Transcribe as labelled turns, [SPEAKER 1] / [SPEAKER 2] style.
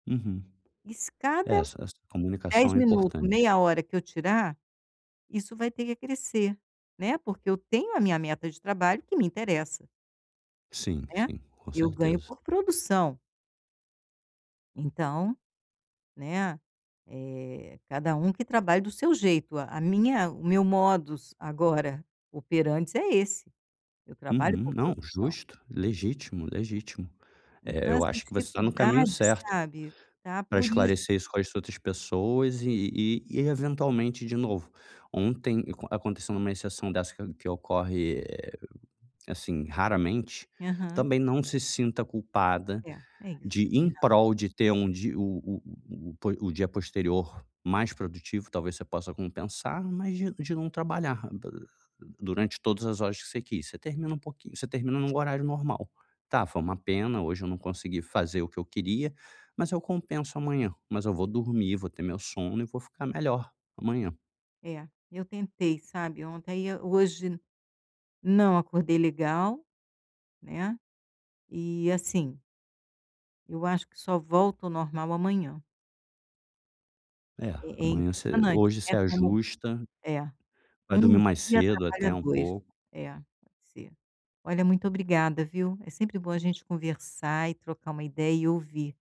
[SPEAKER 1] Uhum,
[SPEAKER 2] Escada
[SPEAKER 1] essa essa
[SPEAKER 2] 10
[SPEAKER 1] comunicação é
[SPEAKER 2] minuto,
[SPEAKER 1] importante.
[SPEAKER 2] meia hora que eu tirar, isso vai ter que acrescer, né, porque eu tenho a minha meta de trabalho que me interessa.
[SPEAKER 1] Sim,
[SPEAKER 2] Né,
[SPEAKER 1] sim, com
[SPEAKER 2] eu ganho
[SPEAKER 1] certeza.
[SPEAKER 2] por produção. Então, né, eh, cada um que trabalhe do seu jeito, a a minha o meu modus agora operantes é esse, eu trabalho
[SPEAKER 1] Uhum,
[SPEAKER 2] por
[SPEAKER 1] não,
[SPEAKER 2] produção.
[SPEAKER 1] justo, legítimo, legítimo. É,
[SPEAKER 2] Então,
[SPEAKER 1] eu
[SPEAKER 2] essa
[SPEAKER 1] acho que você está no caminho
[SPEAKER 2] dificuldade,
[SPEAKER 1] certo,
[SPEAKER 2] sabe, está
[SPEAKER 1] para
[SPEAKER 2] por isso.
[SPEAKER 1] esclarecer isso com as outras pessoas, e e e eventualmente de novo, ontem a aconteceu uma exceção dessa, que que ocorre, assim, raramente,
[SPEAKER 2] Aham.
[SPEAKER 1] também não se sinta culpada
[SPEAKER 2] É, é isso,
[SPEAKER 1] de
[SPEAKER 2] você tem
[SPEAKER 1] em
[SPEAKER 2] razão.
[SPEAKER 1] prol de ter um di o o o o po o dia posterior mais produtivo, talvez, você possa compensar. Mas de de não trabalhar durante todas as horas que você quis, você termina um pouqui você termina num horário normal: "Tá, foi uma pena, hoje eu não consegui fazer o que eu queria, mas eu compenso amanhã, mas eu vou dormir, vou ter meu sono e vou ficar melhor amanhã".
[SPEAKER 2] É, eu tentei, sabe, ontem aí, eh, hoje, não acordei legal, né, e assim eu acho que só volto ao normal amanhã.
[SPEAKER 1] É,
[SPEAKER 2] É é
[SPEAKER 1] amanhã você
[SPEAKER 2] impressionante,
[SPEAKER 1] hoje você
[SPEAKER 2] né, como
[SPEAKER 1] ajusta
[SPEAKER 2] é,
[SPEAKER 1] vai dormir
[SPEAKER 2] 1
[SPEAKER 1] mais
[SPEAKER 2] dia
[SPEAKER 1] cedo
[SPEAKER 2] atrapalha
[SPEAKER 1] até um
[SPEAKER 2] 2,
[SPEAKER 1] pouco.
[SPEAKER 2] é, pode ser. Olha muito obrigada viu, é sempre bom a gente conversar e trocar uma ideia e ouvir.